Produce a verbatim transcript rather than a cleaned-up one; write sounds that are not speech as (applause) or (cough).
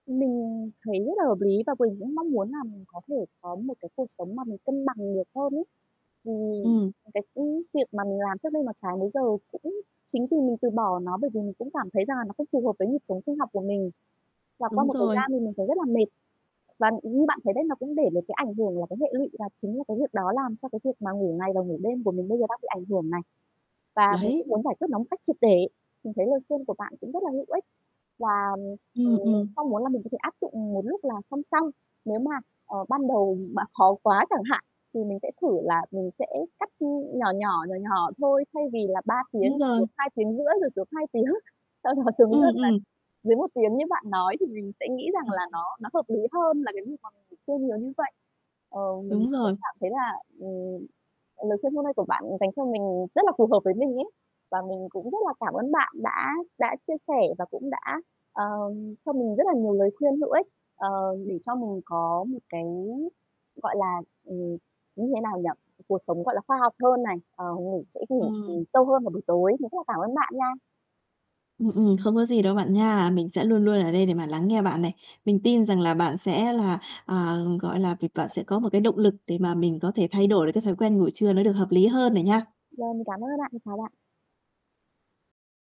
Mình thấy rất là hợp lý và mình cũng mong muốn là mình có thể có một cái cuộc sống mà mình cân bằng được hơn ấy. Thì Ừm. cái, ưm, việc mà mình làm trước đây mà trái múi giờ cũng chính vì mình từ bỏ nó, bởi vì mình cũng cảm thấy rằng là nó không phù hợp với nhịp sống sinh học của mình, và qua Đúng một thời rồi. gian thì mình thấy rất là mệt. Và như bạn thấy đấy, nó cũng để được cái ảnh hưởng là cái hệ lụy và chính là cái việc đó làm cho cái việc mà ngủ ngày và ngủ đêm của mình bây giờ đang bị ảnh hưởng này. Và mình Đấy. cũng muốn giải quyết nó một cách triệt để, mình thấy lời khuyên của bạn cũng rất là hữu ích và, ừm, mình Ừm, ừm. mong muốn là mình có thể áp dụng một lúc là song song. Nếu mà, ờ, ban đầu mà khó quá chẳng hạn thì mình sẽ thử là mình sẽ cắt, ưm, nhỏ nhỏ, nhỏ nhỏ thôi, thay vì là ba Đúng tiếng rồi. xuống hai tiếng rưỡi, rồi xuống hai tiếng, sau đó xuống Ừm, dần là ừm. dưới một tiếng như bạn nói thì mình sẽ nghĩ rằng là (chuckles) nó nó hợp lý hơn là cái việc mà mình chơi nhiều như vậy. Ờ, mình Đúng cũng rồi. cảm thấy là, ừm, lời khuyên hôm nay của bạn dành cho mình rất là phù hợp với mình ấy, và mình cũng rất là cảm ơn bạn đã đã chia sẻ và cũng đã, ờm, cho mình rất là nhiều lời khuyên hữu ích, ờ, để cho mình có một cái, gọi là, ừm, như thế nào nhỉ? Cuộc sống, gọi là, khoa học hơn này, ờ, ngủ sẽ, ừm, Ừm. ngủ sâu hơn vào buổi tối. Mình rất là cảm ơn bạn nha. Ừm, ừm, không có gì đâu bạn nha, mình sẽ luôn luôn ở đây để mà lắng nghe bạn này. Mình tin rằng là bạn sẽ là, à, gọi là, việc bạn sẽ có một cái động lực để mà mình có thể thay đổi được cái thói quen ngủ trưa nó được hợp lý hơn này nha. Rồi mình cảm ơn ạ, (unintelligible) chào bạn.